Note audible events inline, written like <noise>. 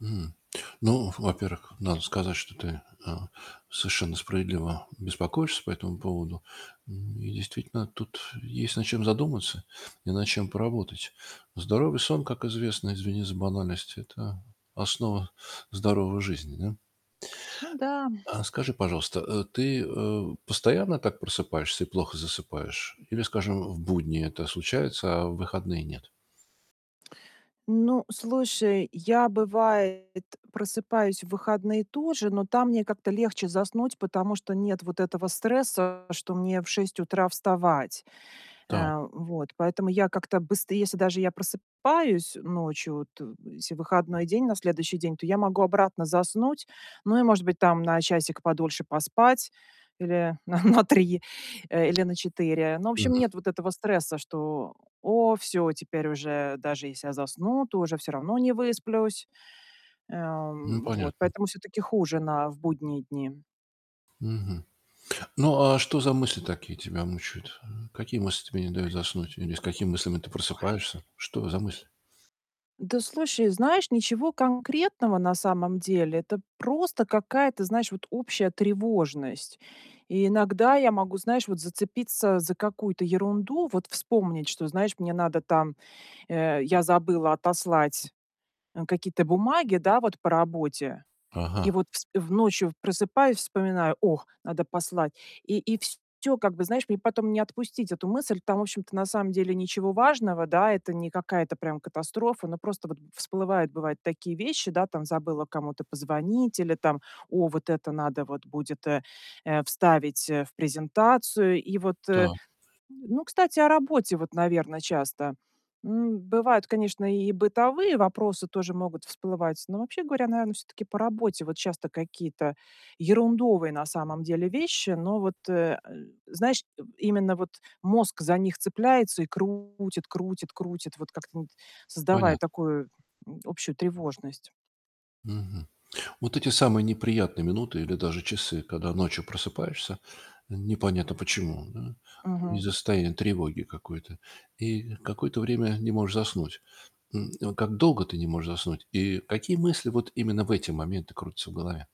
М, ну, во-первых, надо сказать, что ты, э, совершенно справедливо беспокоишься по этому поводу. Ну и действительно, тут есть над чем задуматься и над чем поработать. Здоровый сон, как известно, извини за банальность- это основа здоровой жизни, да. Ну да. А скажи, пожалуйста, э, ты, э, постоянно так просыпаешься и плохо засыпаешь или, скажем, в будни это случается, а в выходные нет? Ну, слушай, я, бывает, просыпаюсь в выходные тоже, но там мне как-то легче заснуть, потому что нет вот этого стресса, что мне в 6 утра вставать. Та у Э, вот, поэтому я как-то, быст если даже я просыпаюсь ночью, от если выходной день на следующий день, то я могу обратно заснуть. Ну и, может быть, там, на часик подольше поспать или на на 3, э, или на 4. Ну, в общем, Мгм. нет вот этого стресса, что: "О, всё, теперь уже даже, если я засну, то уже всё равно не высплюсь". Э, Ну, м, вот, понятно. поэтому всё-таки хуже на в будние дни. Мгм. Ну, а а что за мысли такие тебя мучают? Э, какие мысли тебе не дают заснуть или с какими мыслями ты Ой. <exhales> просыпаешься? Что за мысли? Да, слушай, знаешь, ничего конкретного на самом деле, это просто какая-то, знаешь, вот общая тревожность. И иногда я могу, знаешь, вот зацепиться за какую-то ерунду, вот вспомнить, что, знаешь, мне надо там Э, я забыла отослать, э, какие-то бумаги, да, вот по работе. И Ага. вот вс в ночью просыпаюсь, вспоминаю: "Ох, надо послать". И и всё, как бы, знаешь, мне потом не отпустить эту мысль. Там, в общем-то, на самом деле ничего важного, да, это не какая-то, прям, катастрофа. Но просто вот всплывает, бывает, такие вещи, да, там забыла кому-то позвонить или там: "О, вот это надо вот будет, э э, вставить, э, в презентацию". И вот, э Та. ну, кстати, о работе, вот, наверно, часто. М, бывает, конечно, и бытовые вопросы тоже могут всплывать, но, вообще говоря, наверное, всё-таки по работе. Вот часто какие-то ерундовые на самом деле вещи, но вот, э э, знаешь тоб именно вот мозг за них цепляется и крутит крутит крутит, вот как-то, ну вот, создавая Понят такую, м, общую тревожность. Мгм. Вот эти самые неприятные минуты или даже часы, когда ночью просыпаешься, непонятно почему, м. Мгм. Из-за состояния тревоги какой-то, и какое-то время не можешь заснуть. М, вот как долго ты не можешь заснуть? И какие мысли вот именно в эти моменты крутятся в голове?